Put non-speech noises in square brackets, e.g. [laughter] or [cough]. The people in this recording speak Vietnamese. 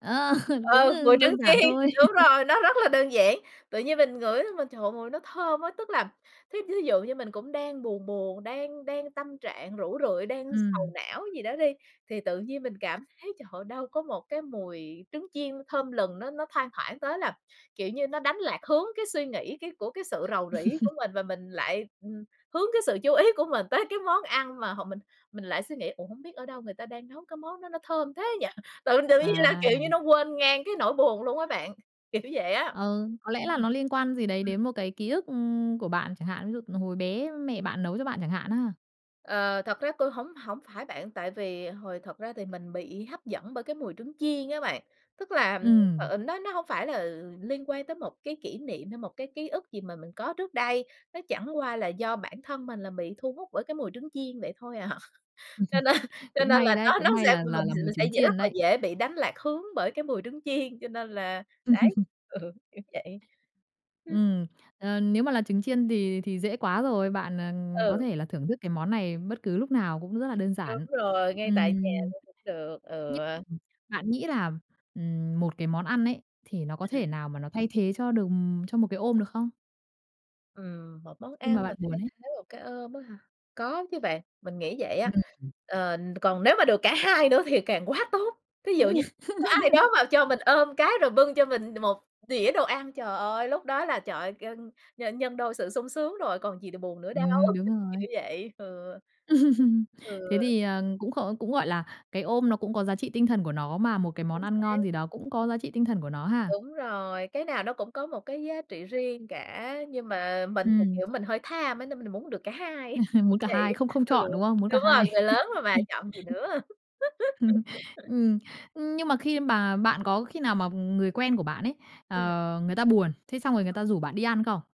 Ờ, [laughs] cũng, Ừ, ơ, mùi trứng đơn giản chiên, thôi. đúng [laughs] rồi, nó rất là đơn giản. Tự nhiên mình ngửi mà, trời, mùi nó thơm á. Tức là, thí thí dụ như mình cũng đang buồn buồn, đang đang tâm trạng rũ rượi, đang sầu Ừm. não gì đó đi, thì tự nhiên mình cảm thấy, trời ơi, đâu có một cái mùi trứng chiên thơm lừng, nó nó thoang thoảng tới là, kiểu như, nó đánh lạc hướng cái suy nghĩ cái của cái sự rầu rĩ của [chuckles] mình, và mình lại, ừm, hướng cái sự chú ý của mình tới cái món ăn mà họ mình mình lại suy nghĩ: "Ủa, hông biết ở đâu người ta đang nấu cái món đó nó thơm thế nhỉ?" [chuckles] Tự tự nhiên là, À! kiểu như, nó quên ngang cái nỗi buồn luôn á bạn, kiểu vậy á. Ừ, có lẽ là Ừm. nó liên quan gì đấy Ừm. đến một cái ký ức của bạn chẳng hạn, ví dụ hồi bé mẹ bạn nấu cho bạn chẳng hạn á. Ờ, thật ra tui hổng hổng phải bạn, tại vì hồi thật ra thì mình bị hấp dẫn bởi cái mùi trứng chiên á bạn. Tức là, Ừm. ờ, nó nó hông phải là liên quan tới một cái kỷ niệm hay một cái ký ức gì mà mình có trước đây, nó chẳng qua là do bản thân mình là bị thu hút bởi cái mùi trứng chiên, vậy thôi à. Cho nên [laughs] cho Cũng nên may là đấy, nó cũng nó may sẽ là là mình là sẽ d mùi sẽ trứng dễ, rất chiên là đấy. dễ bị đánh lạc hướng bởi cái mùi trứng chiên, cho nên là, đấy, [laughs] ừ, kiểu vậy. Ừm. Ừm, ờ, nếu mà là trứng chiên thì thì dễ quá rồi, bạn, ờ, có Ừ. thể là thưởng thức cái món này bất cứ lúc nào cũng rất là đơn Đúng giản. rồi, ngay tại nhà Ừm. luôn cũng được, ừ. Nh ừm, bạn nghĩ là, ừm, một cái món ăn ấy, thì nó có Ừm. thể nào mà nó thay thế cho được cho một cái ôm được không? Ừm, một món Khi mà ăn mà bạn buồn thay ấy. thế một cái ôm á hả? Có chứ bạn, mình nghĩ vậy á. [unintelligible] Ừm. Ờ, còn nếu mà được cả hai nữa thì càng quá tốt. Thí dụ như có ai đó [laughs] mà cho mình ôm cái, rồi bưng cho mình một đĩa đồ ăn, trời ơi, lúc đó là, trời ơi, gân nhân nhân đôi sự sung sướng rồi, còn gì đ buồn nữa đâu, Ừm, đúng [unintelligible] rồi. kiểu vậy, ừ. [laughs] Thế Ừ. thì, ờ, cũng kh cũng, gọi là, cái ôm nó cũng có giá trị tinh thần của nó, mà một cái món Chính ăn xác. ngon gì đó cũng có giá trị tinh thần của nó ha. Đúng rồi, cái nào nó cũng có một cái giá trị riêng cả. Nhưng mà mình thì, Ừm. kiểu, mình hơi tham á, nên mình muốn được cả hai, [laughs] Muốn cả hai, vậy không không Ừ, chọn, đúng không? Muốn cả đúng rồi, hai. người lớn rồi [laughs] mà [chuckles] chọn gì nữa. [laughs] Ừm, ưm, nhưng mà khi bà bạn có khi nào mà người quen của bạn ấy, Ừm. ờ, người ta buồn, thế xong rồi người ta rủ bạn đi ăn không?